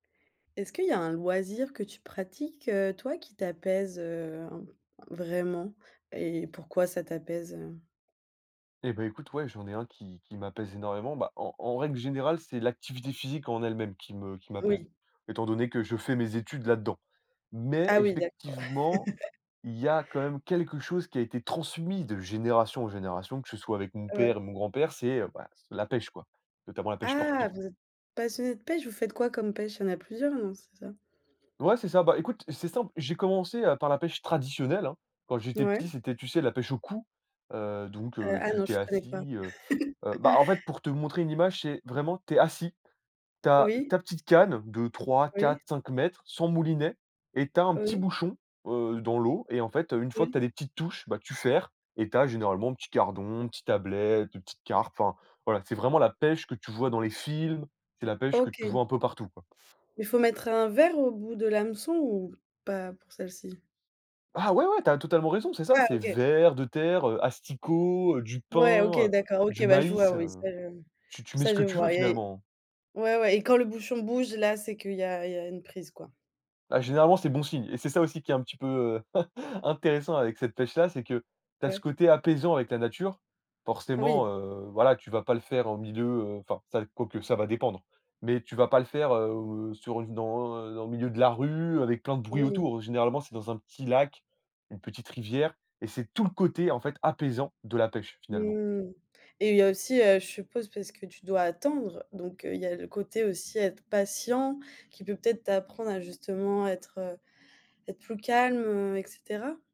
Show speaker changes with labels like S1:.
S1: Est-ce qu'il y a un loisir que tu pratiques, toi, qui t'apaise, heu, vraiment? Et pourquoi ça t'apaise? Heu
S2: Et bah, écoute, ouais, j'en ai 1 qui qui m'apaise énormément. Bah, en en règle générale c'est l'activité physique en elle même qui me qui m'apaise.
S1: Oui.
S2: Étant donné que je fais mes études là-dedans. Mais
S1: Ah oui, d'accord.
S2: effectivement, il y a quand même quelque chose qui a été transmis de génération en génération, que ce soit avec mon
S1: Ouais.
S2: père et mon grand-père. C'est, heu, bah, c'est, heu, la pêche quoi. Notamment la pêche
S1: Ah,
S2: sportive.
S1: vous êtes passionnés de pêche? Vous faites quoi comme pêche? Il y en a plusieurs non, c'est ça?
S2: Ouais c'est ça. Bah, écoute c'est simple, j'ai commencé, heu, par la pêche traditionnelle, hein, quand j'étais petit,
S1: Mouais.
S2: c'était, tu sais, la pêche au coup, heu, donc
S1: Heu,
S2: heu,
S1: ah
S2: tu
S1: non
S2: tu es
S1: je connais pas.
S2: assis, heu, heu, bah, en fait pour te montrer une image, c'est vraiment tu es assis, tu as
S1: Oui.
S2: ta petite canne de
S1: Oui.
S2: 3-4-5 m sans moulinet et tu as un petit
S1: Oui.
S2: bouchon, heu, dans l'eau et en fait, heu, une fois que tu
S1: Oui.
S2: as des petites touches, bah, tu ferres et tu as généralement un petit gardon, une petite ablette, une petite carpe. Enfin, voilà, c'est vraiment la pêche que tu vois dans les films, c'est la pêche que
S1: OK.
S2: tu
S1: Mais
S2: vois un peu partout quoi.
S1: il faut mettre un vers au bout de l'hameçon ou pas pour celle-ci?
S2: Ah ouais, ouais, tu as totalement raison c'est ça,
S1: Ah
S2: c'est
S1: OK.
S2: vers de terre, heu, asticots, du
S1: Ouais, OK,
S2: pain, heu,
S1: d'accord
S2: du
S1: OK, bah, je vois
S2: maïs,
S1: oui,
S2: heu,
S1: ça je
S2: tu tu mets ce
S1: ça
S2: que
S1: je
S2: tu veux
S1: vois. Et
S2: finalement.
S1: ouais, ouais et quand le bouchon bouge, là, c'est qu'il y a il y a une prise quoi.
S2: Bah, généralement c'est bon signe et c'est ça aussi qui est un petit peu, heu, intéressant avec cette pêche-là, c'est que tu as ce
S1: Ouais.
S2: côté apaisant avec la nature. Forcément,
S1: Oui.
S2: heu, voilà, tu vas pas le faire en milieu, heu, enfin ça dép quoique ça va dépendre. Mais tu vas pas le faire, heu heu, sur une dans, heu, dans le milieu de la rue avec plein de bruit
S1: Oui.
S2: autour. Généralement c'est dans un petit lac, une petite rivière et c'est tout le côté en fait apaisant de la pêche finalement.
S1: Mmh. Et il y a aussi, heu, je suppose, parce que tu dois attendre. Donc heu, il y a le côté aussi être patient qui peut peut-être t'apprendre à justement être être plus calme, heu et cetera?